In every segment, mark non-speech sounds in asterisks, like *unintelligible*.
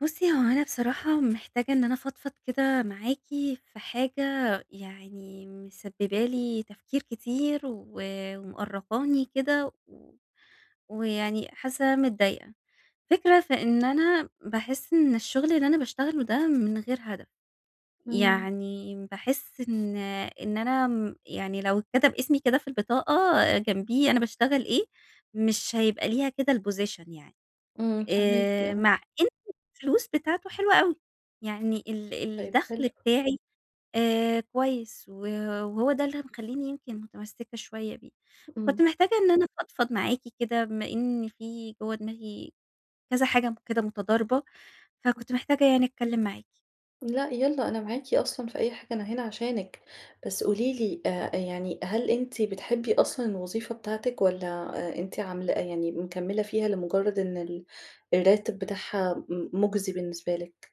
بُصي، هو أنا بصراحة محتاجة إن أنا أفضفض كده معاكِ في حاجة يعني مسببة لي تفكير كتير و ومأرقاني كده و ويعني حاسة إن أنا متضايقة. الفكرة في إن أنا باحس إن الشغل اللي أنا باشتغله ده من غير هدف، إمم. يعني باحس إن إن أنا امم، يعني لو إتكتب إسمي كده في البطاقة جنبيه أنا باشتغل إيه، مش هيبقى ليها كده الposition يعني. إمم، فاهماكِ، آآ، آه. مع إن الفلوس بتاعته حلوة أوي، يعني ال طيب، حلو. الدخل بتاعي آآ، كويس و وهو ده اللي مخليني يمكن متمسكة شوية بيه. إمم. كنت محتاجة إن أنا أفضفض معاكِ كده، بما إن في جوا دماغي كذا حاجة كده متضاربة، إمم. فكنت محتاجة يعني أتكلم معاكِ. لأ، يالّا، أنا معاكِ أصلًا في أي حاجة، أنا هنا عشانِك. بس قولي لي آآ، يعني هل أنتِ بتحبي أصلًا الوظيفة بتاعتِك والّا آآ، أنتِ عاملة يعني مكملة فيها لمجرد إن ال الراتب بتاعها م مجزي بالنسبة لِك؟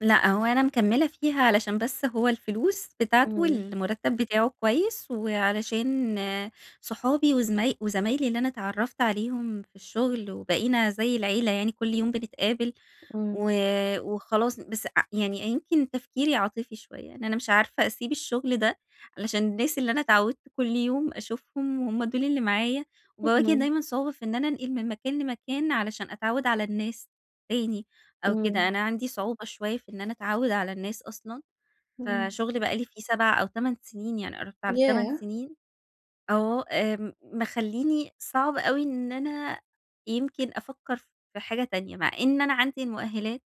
لأ، هو أنا مكملة فيه علشان بس هو الفلوس بتاعته إمم. والمرتب بتاعه كويس، وعلشان صُحابي وزما وزمايلي اللي أنا أتعرّفت عليهم في الشُغل وبَقِينَا زي العيلة يعني كل يوم بنتقابل، إمم. و وخلاص بس ع يعني يمكن تفكيري عاطفي شوية، إن أنا مش عارفة أسيب الشُغل ده علشان الناس اللي أنا أتعودت كل يوم أشوفهم وهُم دول اللي معايا، وباواجه اهم. دايمًا صعوبة في إن أنا أنقل من مكان لمكان علشان أتعود على الناس تاني أو كده، إمم. أنا عندي صعوبة شوية في إن أنا أتعود على الناس أصلًا، إمم. فشُغلي بقى لي فيه 7 أو 8 سنين يعني قربت على 8 ياه! سنين، آه، آمم مخلّيني صعب أوي إن أنا يمكن أفكر في حاجة تانية، مع إن أنا عندي المؤهلات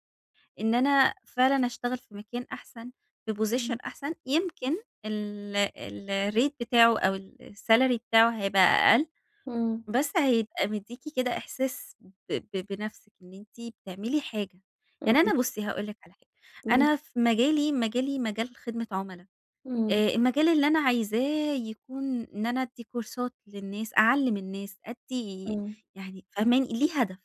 إن أنا فعلًا أشتغل في مكان أحسن في Position إمم. أحسن، يمكن ال الRate بتاعه أو الsalary بتاعه هيبقى أقل، إمم. بس هيبقى بيدّيكِ كده إحساس ب ب بنفسِك إن أنتِ بتعملي حاجة، يعني أنا *unintelligible* بُصي هاقول لِك على حاجة، إمم. أنا في مجالي، مجالي مجال خدمة عملا، إمم. آآ المجال اللي أنا عايزاه يكون إن أنا أدِّي كورسات للناس أعلِّم النّاس أدِّي إمم. يعني فاهماني؟ ليه هدف.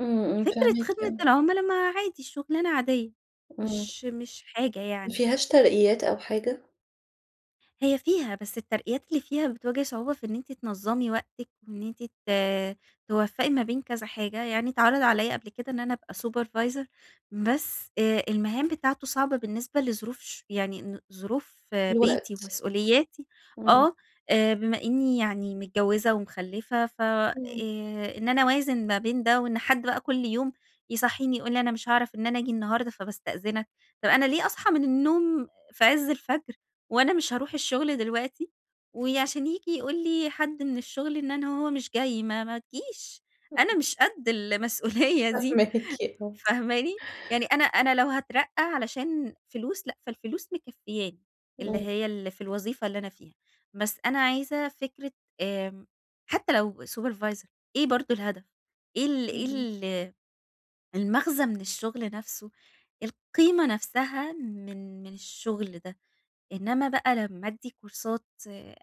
إمم، إمم، فكرة فاهماكِ، خدمة آه. العُملا ما عادي شغلانة عادية، إمم. مش مش حاجة يعني. مافيهاش ترقيات أو حاجة؟ هي فيها، بس الترقيات اللي فيها بتواجه صعوبة في إن أنتِ تنظَّمي وقتِك، وإن أنتِ ت توفَّقي ما بين كذا حاجة، يعني اتعرض عليّا قبل كده إن أنا أبقى supervisor بس آآ، المهام بتاعتُه صعبة بالنسبة لظروف ش يعني ن ظروف بيتي الوقت، ومسؤولياتي، إمم. آه آآ بما إني يعني متجوِّزة ومخلِّفة، ف آآ، إمم. إن أنا أوازن ما بين ده وإن حد بقى كل يوم يصحّيني يقول لي أنا مش هاعرف إن أنا آجي النهاردة فباستأذنك، طب أنا ليه أصحى من النوم في عزّ الفَجر وأنا مش هاروح الشغل دلوقتي، وعشان ييجي يقول لي حد من الشغل إن أنا هو مش جاي ما ما تجيش، إمم. أنا مش قد المسؤولية دي فاهماكِ، آه. فاهماني؟ يعني أنا أنا لو هاترقّى علشان فلوس، لأ فالفلوس مكفّياني اللي إمم. هي اللي في الوظيفة اللي أنا فيها، بس أنا عايزة فكرة آآ، حتى لو supervisor إيه برضه الهدف؟ إيه ال إيه إمم. ال المغزى من الشغل نفسُه، القيمة نفسها من من الشغل ده، إنمَّا بقى لما أدّي كورسات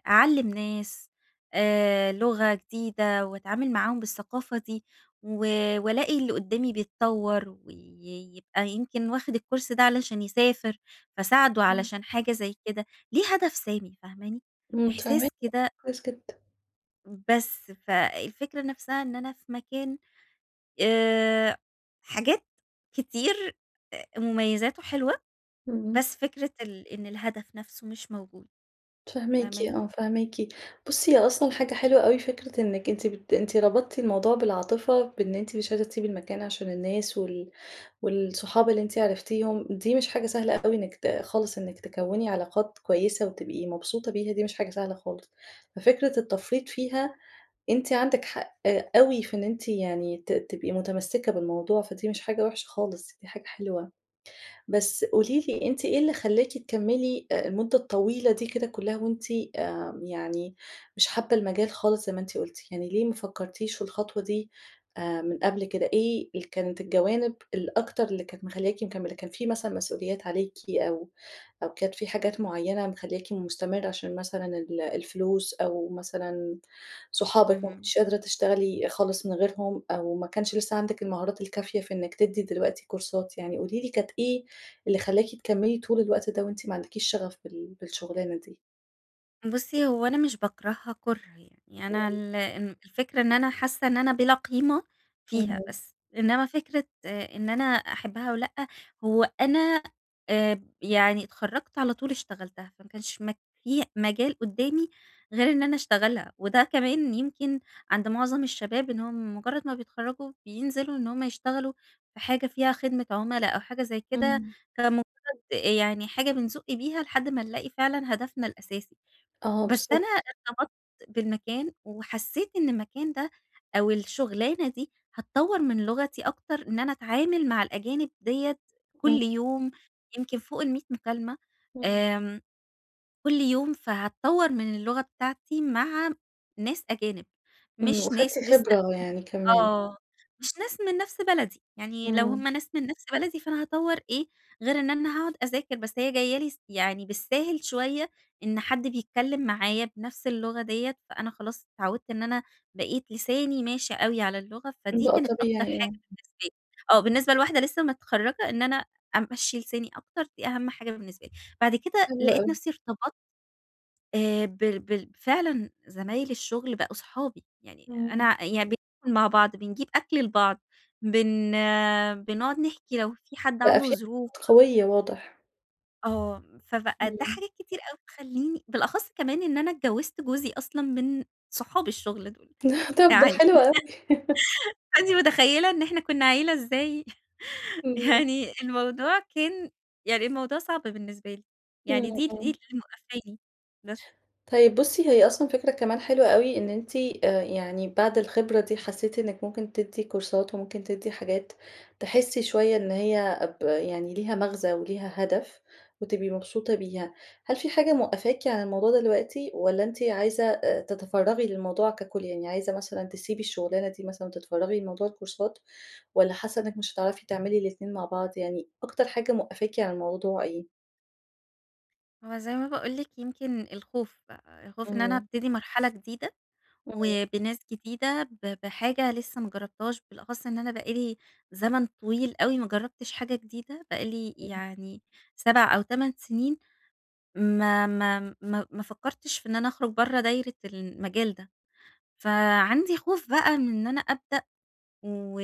أعلِّم ناس آآ، لغة جديدة وأتعامل معاهم بالثقافة دي، و وألاقي اللي قدّامي بيتطور، ويبقى يمكن واخد الCourse ده علشان يسافر، فاساعدُه إمم. علشان حاجة زي كده، ليه هدف سامي فاهماني، إمم، فاهماكِ إحساس *unintelligible* كده كويس جدًا. بس فالفكرة نفسها إن أنا في مكان آآ، حاجات كتير أ مميزاته حلوة، إمم. بس فكرة ال إن الهدف نفسه مش موجود، فاهماكِ فاهماني؟ آه، فاهماكِ. بُصي، هي أصلًا حاجة حلوة أوي فكرة إنِك أنتِ بت أنتِ ربطتِ الموضوع بالعاطفة، بإن أنتِ مش عايزة تسيبي المكان عشان الناس، وال والصحاب اللي أنتِ عرفتيهم، دي مش حاجة سهلة أوي إنِك ت خالص إنِك تكوّني علاقات كويسة وتبقي مبسوطة، بيها دي مش حاجة سهلة خالص، ففكرة التفريط فيها، أنتِ عندك حق أوي في إن أنتِ يعني ت تبقي متمسكة بالموضوع، فدي مش حاجة وحشة خالص، دي حاجة حلوة. بس قولي لي، أنتِ إيه اللي خلاكِ تكملي آآ، المدة الطويلة دي كده كلها وأنتِ آمم، يعني مش حابة المجال خالص زي ما أنتِ قلتِ؟ يعني ليه ما فكرتيش في الخطوة دي آآ، من قبل كده؟ إيه ال كانت الجوانب الأكتر اللي كانت مخلياكِ مكملة؟ كان في مثلًا مسؤوليات عليكِ أو أو كانت في حاجات معينة مخلياكِ مستمرة عشان مثلًا ال الفلوس أو مثلًا صحابِك ما اهم. كنتيش قادرة تشتغلي خالص من غيرهم أو ما كانش لسه عندِك المهارات الكافية في إنِك تدي دلوقتي كورسات يعني. قولي لي، كانت إيه اللي خلاكِ تكملي طول الوقت ده وأنتِ ما عندكيش شغف بال بالشغلانة دي؟ بُصّي، هو أنا مش باكرهها كُره يعني، أنا امم. ال الفكرة إن أنا حاسّة إن أنا بلا قيمة فيها. اهم. بس، إنمَّا فكرة آآ، إن أنا أحبها أو لأ، هو أنا آآ، يعني اتخرجت على طول اشتغلتها، فما كانش مك في مجال قدّامي غير إن أنا اشتغلها، وده كمان يمكن عند معظم الشباب إنهم مجرّد ما بيتخرّجوا بينزلوا إن هم يشتغلوا بحاجة فيها خدمة عُملا أو حاجة زي كده، إمم. كمُجرّد يعني حاجة بنزُق بيها لحد ما نلاقي فعلًا هدفنا الأساسي. آه، بس أنا بالضبط. ارتبطت بالمكان، وحسيت إن المكان ده أو الشغلانة دي، هتطوَّر من لغتي أكتر إن أنا أتعامل مع الأجانب ديَّة إمم. كل يوم، يمكن فوق ال100 مكالمة، إمم. آمم، كل يوم فهتطوَّر من اللغة بتاعتي مع ناس أجانب، إمم، مش وخدتِ ناس لسه خبرة يعني كمان. آه، مش ناس من نفس بلدي، يعني لو إمم. هم ناس من نفس بلدي فأنا هاطوّر إيه غير إن أنا هاقعد أذاكر، بس هي جاية لي س يعني بالساهل شوية إن حد بيتكلِّم معايا بنفس اللغة ديَّة، فأنا خلاص اتعوِّدت إن أنا بقيت لساني ماشي أوي على اللغة، فدي بقى كانت أكتر طبيعي، حاجة آه. بالنسبة لي آه بالنسبة لواحدة لسّه متخرَّجة إن أنا أمشِّي لساني أكتر، دي أهم حاجة بالنسبة لي. بعد كده حلو لقيت أوي. نفسي ارتبطت آآ، بال بال فعلًا زمايل الشغل بقوا اصحابي، يعني إمم. أنا يعني بناكل مع بعض، بنجيب أكل لبعض، بن بنقعد نحكي لو في حد بقى عنده في ظروف. *unintelligible* قوية، واضح. آه، فبقى ده إمم. حاجات كتير أوي تخليني بالأخص كمان إن أنا اتجوزت جوزي أصلًا من صحاب الشغل دول، طب، ده يعني حلو *laughs* أوي. *laughs* فأنتِ متخيلة إن إحنا كنا عيلة إزاي *chuckles* إمم. يعني الموضوع كان يعني الموضوع صعب بالنسبة لي، إمم، يعني دي دي اللي إمم. موقفاني بس. طيب، بُصي، هي أصلًا فكرة كمان حلوة أوي إن أنتِ آآ، يعني بعد الخبرة دي حسيتِ إنِك ممكن تدي كورسات وممكن تدي حاجات، تحسي شوية إن هي ب يعني ليها مغزى وليها هدف وتبقي مبسوطة بيها. هل في حاجة موقفاكِ عن الموضوع دلوقتي والّا أنتِ عايزة آآ، تتفرغي للموضوع ككل؟ يعني عايزة مثلًا تسيبي الشغلانة دي مثلًا وتتفرغي لموضوع الكورسات والّا حاسة إنِك مش هتعرفي تعملي الاتنين مع بعض، يعني أكتر حاجة موقفاكِ عن الموضوع إيه؟ هو زي ما باقول لِك يمكن الخوف بقى، الخوف إن أنا إمم. أبتدي مرحلة جديدة إمم. وبناس جديدة ب بحاجة لسه ما جربتهاش، بالأخص إن أنا بقى لي زمن طويل أوي ما جربتش حاجة جديدة، بقى لي إمم. يعني 7 أو 8 سنين ما ما ما ما فكرتش في إن أنا أخرج برا دايرة المجال ده. فعندي خوف بقى من إن أنا أبدأ، و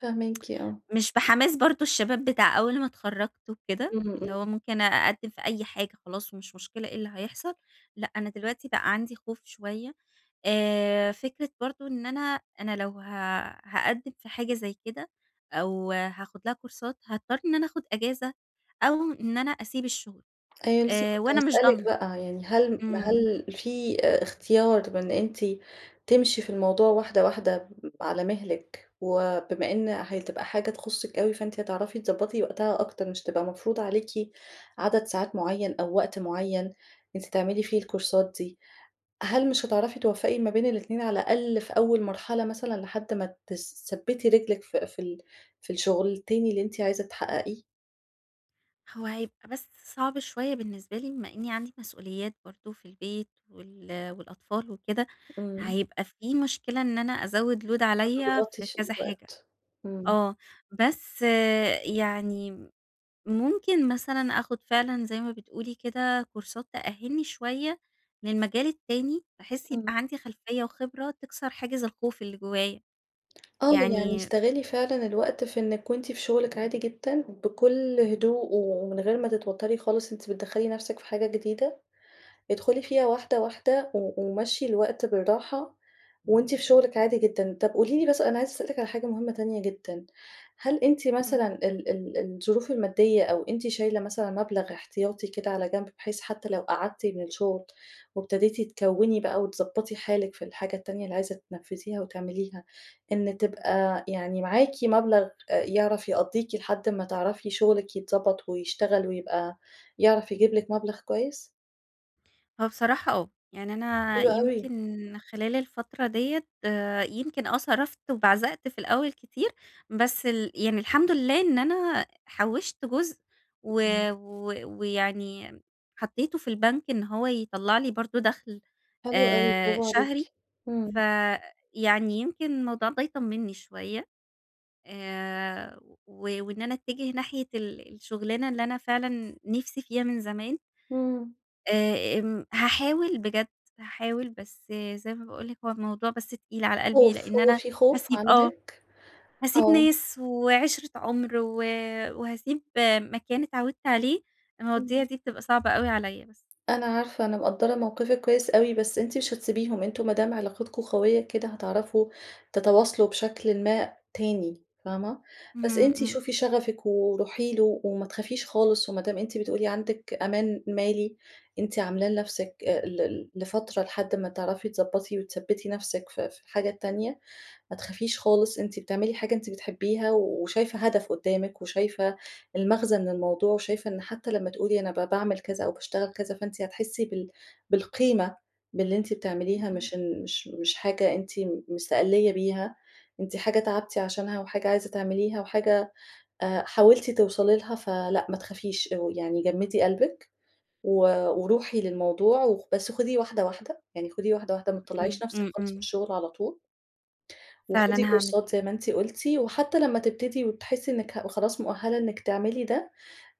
فاهماكِ، آه. *tsk* مش بحماس برضو الشباب بتاع أول ما اتخرجت وكده، إمم، اللي هو إمم. ممكن أقدم في أي حاجة خلاص ومش مشكلة إيه اللي هيحصل، لأ، أنا دلوقتي بقى عندي خوف شوية آآ، فكرة برضو إن أنا، أنا لو ه هاقدم في حاجة زي كده أو هاخد لها كورسات هاضطر إن أنا أخد إجازة أو إن أنا أسيب الشغل أيوه، لسه آآ، كنت وأنا مش هاسألِك ضامنة. بقى، يعني هل إمم. هل في آآ اختيار من أنتِ تمشي في الموضوع واحدة واحدة، على مهلِك، وبما إن هتبقى حاجة تخصِك أوي، فأنتِ هتعرفي تظبطي وقتها أكتر مش هتبقى مفروضة عليكِ عدد ساعات معين أو وقت معين، أنتِ تعملي فيه الكورسات دي، هل مش هتعرفي توفَّقي ما بين الاتنين على الأقل في أول مرحلة مثلًا لحد ما تثبِّتي رجلِك في في ال في الشغل التاني اللي أنتِ عايزة تحققيه؟ هو هيبقى بس صعب شوية بالنسبة لي، بما إنّي عندي مسئوليات برضه في البيت وال والأطفال وكده، إمم. هيبقى فيه مشكلة إن أنا أزَّود load عليّا هتضغطي في في كذا حاجة. الوقت. إمم. آه. بس يعني ممكن مثلًا آخُد فعلًا زي ما بتقولي كده، كورسات تأهّلني شوية للمجال التاني بحيث إمم. يبقى عندي خلفية وخبرة، تِكسَر حاجز الخوف اللي جوّايا. آه. يعني يعني استغلّي فعلًا الوقت في إنِّك وأنتِ في شغلِك عادي جدًا، بكل هدوء ومن غير ما تتوتّري خالص أنتِ بتدخلي نفسِك في حاجة جديدة، ادخُلي فيها واحدة، واحدة و ومشّي الوقت بالراحة وأنتِ في شغلِك عادي جدًا. طب قولي لي بس أنا عايزة أسألِك عن حاجة مهمة تانية جدًا، هل أنتِ مثلًا إمم. ال ال الظروف المادية أو أنتِ شايلة مثلًا مبلغ احتياطي كده على جنب، بحيث حتّى لو قعدتِ من الشغل وابتديتي تكوّني بقى وتضبّطي حالِك في الحاجة التانية اللي عايزة تنفذيها وتعمليها، إن تبقى يعني معاكِ مبلغ أ يعرف يقضّيكِ لحد ما تعرفي شغلِك يتضبط ويشتغل ويبقى يعرف يجيب لِك مبلغ كويس؟ هو بصراحة آه، يعني أنا حلو أوي. يمكن خلال الفترة ديّة آآ، يمكن آه، صرفت وبعزقت في الأول كتير، بس ال يعني الحمد لله إن أنا حوشت جزء، و اهم. و ويعني حطيته في البنك إن هو يطلّع لي برضو دخل حلو أوي، آآ، براڤو عليكِ، شهري، ف إمم. يعني يمكن الموضوع ده يطمني شوية. آآ، و وإن أنا أتجه ناحية ال الشغلانة اللي أنا فعلًا نفسي فيها من زمان. إمم. آآ، آمم، هاحاول بجد، هاحاول بس زي ما باقول لِك هو الموضوع بس تقيل على قلبي خوف، لأن هو أنا في خوف هاسيب آه، عندِك؟ هاسيب آه. ناس وعِشرة عُمر، و وهاسيب مكان إتعودت عليه، المواضيع إمم. دي بتبقى صعبة أوي عليّا بس. أنا عارفة، أنا مقدرة موقفِك كويس أوي، بس أنتِ مش هتسيبيهم، أنتم ما دام علاقتكم قوية كده هتعرفوا تتواصلوا بشكلٍ ما تاني فاهمة؟ بس اهم، أنتِ اهم. شوفي شغفِك وروحي له وما تخافيش خالص، وما دام أنتِ بتقولي عندِك أمان مالي، أنتِ عاملاه لنفسِك آآ، ل ل لفترة لحد ما تعرفي تضبطي وتثبّتي نفسِك في في الحاجة التانية، ما تخافيش خالص أنتِ بتعملي حاجة أنتِ بتحبيها وشايفة هدف قدامِك، وشايفة المغزى من الموضوع وشايفة إن حتى لمّا تقولي أنا ب باعمل كذا أو باشتغل كذا فأنتِ هتحسي بال بالقيمة باللي أنتِ امم. بتعمليها اهم. مش إن مش مش حاجة أنتِ م مستقلّية بيها، أنتِ حاجة تعبتِ عشانها وحاجة عايزة تعمليها وحاجة آآ، حاولتِ توصلي لها، فلأ ما تخافيش أو يعني جمدي قلبِك، و وروحي للموضوع و بس خُديه واحدة واحدة، يعني خُديه واحدة واحدة، ما إمم، تطلّعيش نفسِك إمم، خالص من إمم. الشغل على طول فعلًا وخدي هاعمل كورسات كده. زي ما أنتِ قلتِ وحتى لمّا تبتدي وتحسي إنِك ه خلاص مؤهلة إنِك تعملي ده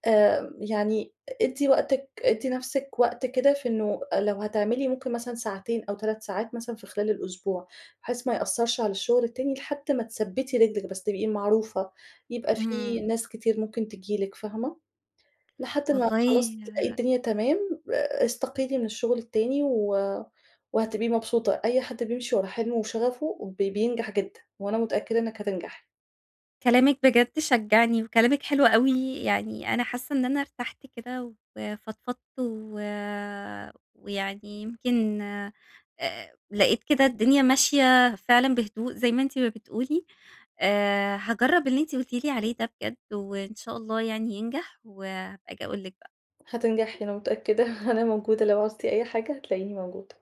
آآ، يعني ادّي وقتِك ادّي نفسِك وقت كده في إنه لو هتعملي ممكن مثلًا ساعتين أو 3 ساعات مثلًا في خلال الأسبوع، بحيث ما يأثرش على الشغل التاني، لحد ما تثبّتي رجلِك بس، تبقي معروفة يبقى في اهم. ناس كتير ممكن تيجي لِك فاهمة؟ لحد ما والله خلاص تلاقي آآ الدنيا تمام ا استقيلي من الشغل التاني و وهتبقي مبسوطة. أي حد بيمشي ورا حلمه وشغفه ب بينجح جدًا، وأنا متأكدة إنِك هتنجحي. كلامِك بجد شجعني، وكلامِك حلو أوي، يعني أنا حاسة إن أنا إرتحت كده وفضفضت، و ويعني يمكن آآ، لقيت كده الدنيا ماشية فعلًا بهدوء، زي ما أنتِ ما بتقولي آآ، هاجرب اللي أنتِ قلتِ لي عليه ده بجد، وإن شاء الله يعني ينجح، وهابقى آجي أقول لِك بقى. هتنجحي أنا متأكدة، *chuckles* أنا موجودة لو عُزتِ أي حاجة، هتلاقيني موجودة.